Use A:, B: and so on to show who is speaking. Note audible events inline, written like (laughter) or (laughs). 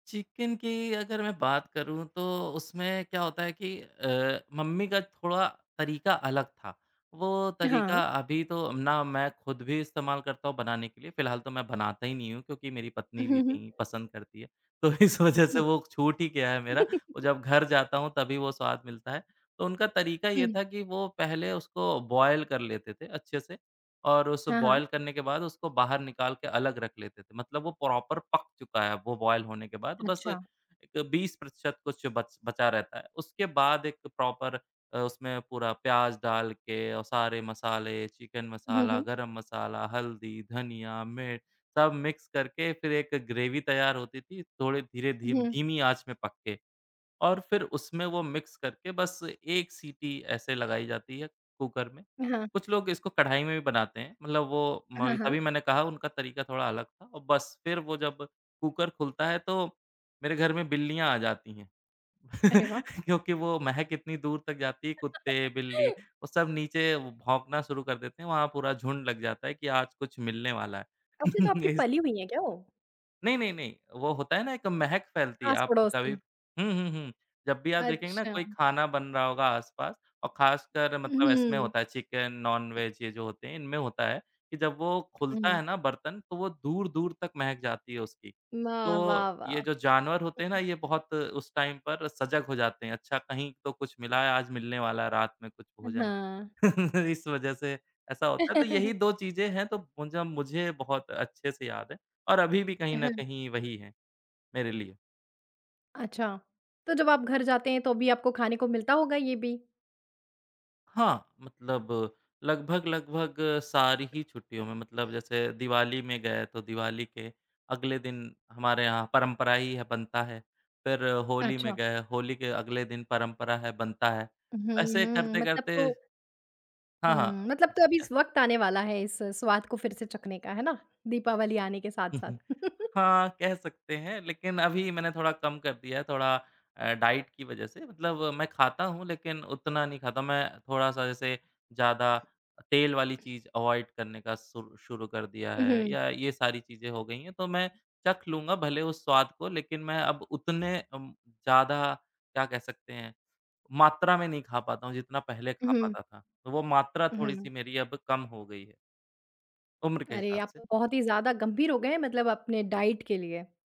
A: Chicken की अगर मैं बात करूँ, तो उसमें क्या होता है कि अ, मम्मी का थोड़ा तरीका अलग था। वो
B: हाँ।
A: तरीका अभी तो ना मैं खुद भी इस्तेमाल करता हूँ बनाने के लिए, फिलहाल तो मैं बनाता ही नहीं हूँ, क्योंकि मेरी पत्नी
B: उहुँ,
A: भी
B: हुँ।
A: नहीं पसंद करती है, तो इस वजह से
B: हुँ।
A: वो छूट ही गया है मेरा और
B: (chuckles)
A: जब घर जाता हूँ, तभी वो स्वाद मिलता है। तो उनका तरीका ये
B: हुँ।
A: था कि वो पहले उसको बॉयल कर लेते थे, अच्छे से और उस
B: हाँ, हाँ।
A: बॉयल करने के बाद उसको बाहर निकाल के अलग रख लेते थे, मतलब वो प्रॉपर पक चुका है अब वो बॉयल होने के बाद, बस
B: अच्छा।
A: 20% कुछ बच बचा रहता है। उसके बाद एक प्रॉपर अ, उसमें पूरा प्याज़ डाल के औ सारे मसाले, चिकन
B: हुँ,
A: मसाला,
B: हुँ।
A: गरम मसाला, हल्दी, धनिया, मिर्च सब मिक्स करके, फिर एक ग्रेवी तैयार होती थी थोड़े धीरे धीम
B: हुँ।
A: धीमी आँच में पक के और फिर उसमें वो मिक्स करके बस एक सीटी ऐसे लगाई जाती है, कुकर में।
B: हाँ।
A: कुछ लोग इसको कढ़ाई में भी बनाते हैं, मतलब वो म
B: हाँ, हाँ।
A: तभी मैंने कहा उनका तरीका थोड़ा अलग था औ बस फिर वो जब कुकर खुलता है, तो मेरे घर में बिल्लियाँ आ जाती हैं (laughs)
B: अरे वाह!
A: क्योंकि वो महक इतनी दूर तक जाती है कुत्ते, बिल्ली,
B: (laughs)
A: वो सब नीचे भौंकना शुरू कर देते हैं, वहाँ पूरा झुंड लग जाता है कि आज कुछ मिलने वाला है।
B: अच्छा, तो आपकी
A: (chuckles) इस
B: पली हुई हैं क्या वो?
A: नहीं, नहीं, नहीं, वो होता है ना एक महक फैलती है। आप
B: आस-पड़ोस
A: कभी
B: की।
A: हुँ, हुँ, हुँ, जब भी आप देखेंगे ना
B: अच्छा।
A: कोई खाना बन रहा होगा आस-पास और खासकर मतलब इसमें
B: उहुँ।
A: होता है चिकन, नॉन वेज ये जो होते हैं, इनमें होता है कि जब वो खुलता
B: हुँ।
A: है ना बर्तन, तो वो दूर-दूर तक महक जाती है उसकी।
B: वाह, वाह,
A: तो ये
B: वाह!
A: जो जानवर होते हैं ना,
B: (unintelligible)
A: ये बहुत उस टाइम पर सजग हो जाते हैं, अच्छा कहीं तो कुछ मिला है, आज मिलने वाला है रात में कुछ
B: अ,
A: भोजन।
B: हाँ।
A: (chuckles) इस वजह से ऐसा होता है तो यही
B: (chuckles)
A: 2 चीज़ें हैं तो मुझा मुझे बहुत अच्छे से याद हैं और अभी भी
B: अ,
A: कहीं न
B: हाँ।
A: कहीं वही हैं, मेरे लिए।
B: अच्छा, तो जब आप घर जाते हैं, तो भी आपको खाने को मिलता होगा ये भी?
A: हाँ, मतलब लगभग-लगभग सारी ही छुट्टियों में, मतलब जैसे दिवाली में गए, तो दिवाली के अगले दिन, हमारे यहाँ परंपरा ही है बनता है। फिर होली में
B: अच्छा।
A: गए, होली के अगले दिन परंपरा है, बनता है,
B: हुँ,
A: ऐसे
B: हुँ मतलब तो
A: करते-करते हाँ, हाँ,
B: हुँ, मतलब तो
A: ठीक
B: अभी
A: है।
B: वक़्त आने वाला है इस स्वाद को फिर से चखने का, है ना? दीपावली आने के साथ-साथ।
A: (chuckles)
B: (chuckles)
A: हाँ, कह सकते हैं लेकिन अभी मैंने थोड़ा कम कर दिया है थोड़ा अ, डाइट की वजह से, मतलब मैं खाता हूँ लेकिन उतना नहीं खाता। मैं थोड़ा-सा जैसे ज़्यादा तेल वाली चीज़ अवॉइड करने का सु शुरू कर दिया
B: अ,
A: है,
B: हुँ।
A: या ये सारी चीज़ें हो गई हैं, तो मैं चख लूँगा भले उस स्वाद को, लेकिन मैं अब उतने अम, ज़्यादा क्या कह सकते हैं मात्रा में नहीं खा पाता हूँ, जितना पहले खा
B: उहुँ।
A: पाता था, तो वो मात्रा
B: अ, हुँ।
A: थोड़ी-सी मेरी अब कम हो गई है। उम्र के
B: अरे,
A: हिसाब
B: आप
A: से।
B: तो बहुत ही ज़्यादा गंभीर हो गए हैं, मतलब अपने डाइट के लिए।